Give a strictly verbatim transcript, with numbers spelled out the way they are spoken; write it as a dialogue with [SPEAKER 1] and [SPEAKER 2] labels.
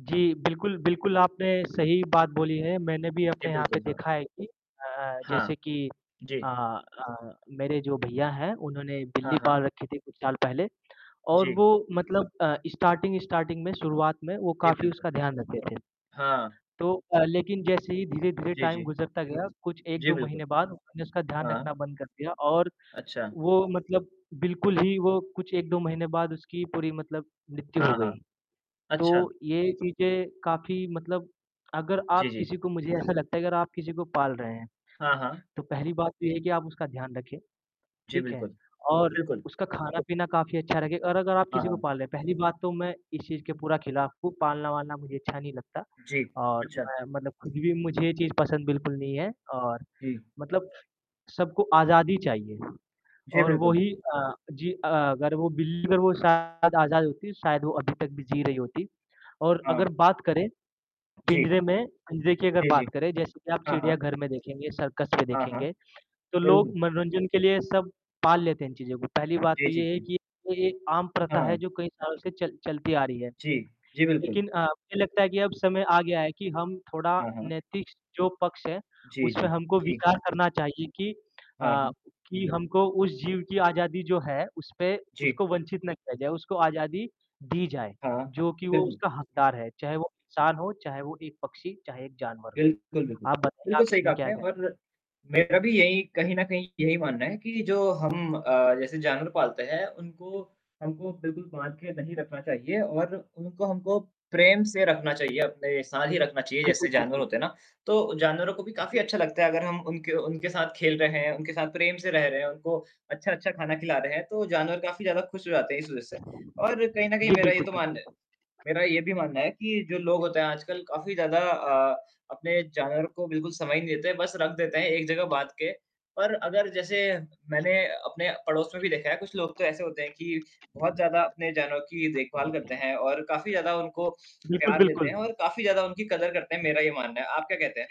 [SPEAKER 1] जी, बिल्कुल, बिल्कुल, आपने सही बात बोली है, मैंने भी
[SPEAKER 2] जी,
[SPEAKER 1] अपने यहाँ पे
[SPEAKER 2] बिल्कुल, हाँ।
[SPEAKER 1] देखा है कि अ अ,
[SPEAKER 2] हाँ।
[SPEAKER 1] जैसे कि अ
[SPEAKER 2] जी।
[SPEAKER 1] अ, मेरे जो भैया हैं, उन्होंने बिल्ली
[SPEAKER 2] हाँ, हाँ।
[SPEAKER 1] पाल रखी थी कुछ साल पहले और
[SPEAKER 2] जी।
[SPEAKER 1] वो मतलब अ, स्टार्टिंग स्टार्टिंग में शुरुआत में वो
[SPEAKER 2] जी,
[SPEAKER 1] काफ़ी
[SPEAKER 2] बिल्कुल।
[SPEAKER 1] उसका ध्यान रखते थे।
[SPEAKER 2] हाँ।
[SPEAKER 1] तो अ, लेकिन जैसे ही धीरे-धीरे
[SPEAKER 2] जी,
[SPEAKER 1] टाइम
[SPEAKER 2] जी।
[SPEAKER 1] गुज़रता गया, कुछ एक
[SPEAKER 2] जी,
[SPEAKER 1] दो महीने
[SPEAKER 2] बिल्कुल।
[SPEAKER 1] बाद उन्होंने उसका ध्यान रखना
[SPEAKER 2] हाँ।
[SPEAKER 1] बंद कर दिया और
[SPEAKER 2] अच्छा।
[SPEAKER 1] वो मतलब बिल्कुल ही वो कुछ एक दो महीने बाद उसकी पूरी मतलब मृत्यु हो
[SPEAKER 2] हाँ, हाँ,
[SPEAKER 1] गई। तो
[SPEAKER 2] अच्छा।
[SPEAKER 1] ये चीज़ें काफ़ी मतलब अगर
[SPEAKER 2] जी,
[SPEAKER 1] आप
[SPEAKER 2] जी।
[SPEAKER 1] किसी को मुझे ऐसा लगता है अगर आप किसी को पाल रहे हैं,
[SPEAKER 2] हाँ, हाँ।
[SPEAKER 1] तो पहली बात तो ये है कि आप उसका ध्यान रखें,
[SPEAKER 2] जी,
[SPEAKER 1] ठीक है?
[SPEAKER 2] बिल्कुल।
[SPEAKER 1] और
[SPEAKER 2] बिल्कुल।
[SPEAKER 1] उसका खाना-पीना काफ़ी अच्छा रखें और अगर आप
[SPEAKER 2] हाँ,
[SPEAKER 1] किसी को
[SPEAKER 2] हाँ।
[SPEAKER 1] पाल रहे, पहली बात तो मैं इस चीज़ के पूरा खिलाफ़ हूँ, पालना-वालना मुझे अच्छा नहीं लगता।
[SPEAKER 2] जी,
[SPEAKER 1] और
[SPEAKER 2] अच्छा।
[SPEAKER 1] मैं मतलब ख़ुद भी मुझे ये चीज़ पसंद बिल्कुल नहीं है और
[SPEAKER 2] जी।
[SPEAKER 1] मतलब सबको आज़ादी चाहिए
[SPEAKER 2] जी,
[SPEAKER 1] और वो
[SPEAKER 2] बिल्कुल।
[SPEAKER 1] ही अ, जी अ, अगर वो बिल्ली और वो शायद आज़ाद होती तो शायद वो अभी तक भी जी रही होती। और
[SPEAKER 2] हाँ।
[SPEAKER 1] अगर बात करें
[SPEAKER 2] जी।
[SPEAKER 1] पिंजरे में पिंजरे की अगर
[SPEAKER 2] जी,
[SPEAKER 1] बात
[SPEAKER 2] जी।
[SPEAKER 1] करें जैसे कि आप
[SPEAKER 2] हाँ, हाँ।
[SPEAKER 1] चिड़ियाघर में देखेंगे, सर्कस में
[SPEAKER 2] हाँ, हाँ।
[SPEAKER 1] देखेंगे तो लोग
[SPEAKER 2] बिल्कुल।
[SPEAKER 1] मनोरंजन के लिए सब पाल लेते हैं इन चीज़ों को। पहली बात
[SPEAKER 2] जी,
[SPEAKER 1] तो
[SPEAKER 2] जी,
[SPEAKER 1] ये है
[SPEAKER 2] जी।
[SPEAKER 1] कि ये एक आम प्रथा है
[SPEAKER 2] हाँ।
[SPEAKER 1] जो कई सालों से चल चलती आ रही है।
[SPEAKER 2] जी। जी, बिल्कुल।
[SPEAKER 1] लेकिन अ, मुझे लगता है कि अब समय आ गया है कि हम थोड़ा
[SPEAKER 2] हाँ, हाँ।
[SPEAKER 1] नैतिक जो पक्ष है,
[SPEAKER 2] जी,
[SPEAKER 1] उसपे
[SPEAKER 2] जी।
[SPEAKER 1] हमको
[SPEAKER 2] जी।
[SPEAKER 1] विचार करना चाहिए कि
[SPEAKER 2] हाँ,
[SPEAKER 1] अ,
[SPEAKER 2] हाँ।
[SPEAKER 1] कि हमको उस जीव की आज़ादी जो है उसपे
[SPEAKER 2] जी।
[SPEAKER 1] उसको वंचित ना किया जाए, उसको आज़ादी दी जाए,
[SPEAKER 2] हाँ,
[SPEAKER 1] जो कि वो
[SPEAKER 2] बिल्कुल।
[SPEAKER 1] उसका हकदार है। चाहे वो इंसान हो, चाहे वो एक पक्षी, चाहे एक जानवर हो।
[SPEAKER 2] बिल्कुल, बिल्कुल।
[SPEAKER 1] आप बताइए
[SPEAKER 2] बिल्कुल
[SPEAKER 1] आप
[SPEAKER 2] सही कहा
[SPEAKER 1] इसमें क्या
[SPEAKER 2] आपने
[SPEAKER 1] कहें
[SPEAKER 2] और मेरा भी यही कहीं न कहीं यही मानना है कि जो हम अ, जैसे जानवर पालते हैं, उनको हमको बिल्कुल बाँध के नहीं रखना चाहिए और उनको हमको प्रेम से रखना चाहिए, अपने साथ ही रखना चाहिए।
[SPEAKER 1] बिल्कुल,
[SPEAKER 2] जैसे जानवर
[SPEAKER 1] बिल्कुल।
[SPEAKER 2] होते हैं ना, तो जानवरों को भी काफ़ी
[SPEAKER 1] [unintelligible]
[SPEAKER 2] अच्छा लगता है अगर हम उनके उनके साथ खेल रहे हैं, उनके साथ प्रेम से रह रहे हैं, उनको अच्छा-अच्छा खाना खिला रहे हैं, तो जानवर काफ़ी ज़्यादा खुश हो जाते हैं इस वज़ह से। और कहीं न
[SPEAKER 1] जी,
[SPEAKER 2] कहीं मेरा ये
[SPEAKER 1] बिल्कुल,
[SPEAKER 2] तो
[SPEAKER 1] बिल्कुल।
[SPEAKER 2] मान मेरा ये भी मानना है कि जो लोग होते हैं आजकल काफ़ी ज़्यादा अ, अपने जानवर को बिल्कुल समय ही नहीं देते, बस रख देते हैं एक जगह बाँध के। और अगर जैसे मैंने अपने पड़ोस में भी देखा है कुछ लोग तो ऐसे होते हैं कि, बहुत ज़्यादा अपने जानवर की देखभाल करते हैं और काफ़ी ज़्यादा उनको
[SPEAKER 1] बिल्कुल,
[SPEAKER 2] प्यार देते हैं
[SPEAKER 1] बिल्कुल।
[SPEAKER 2] और काफ़ी ज़्यादा उनकी कदर करते हैं मेरा ये मानना है। आप क्या कहते हैं?
[SPEAKER 1] जी।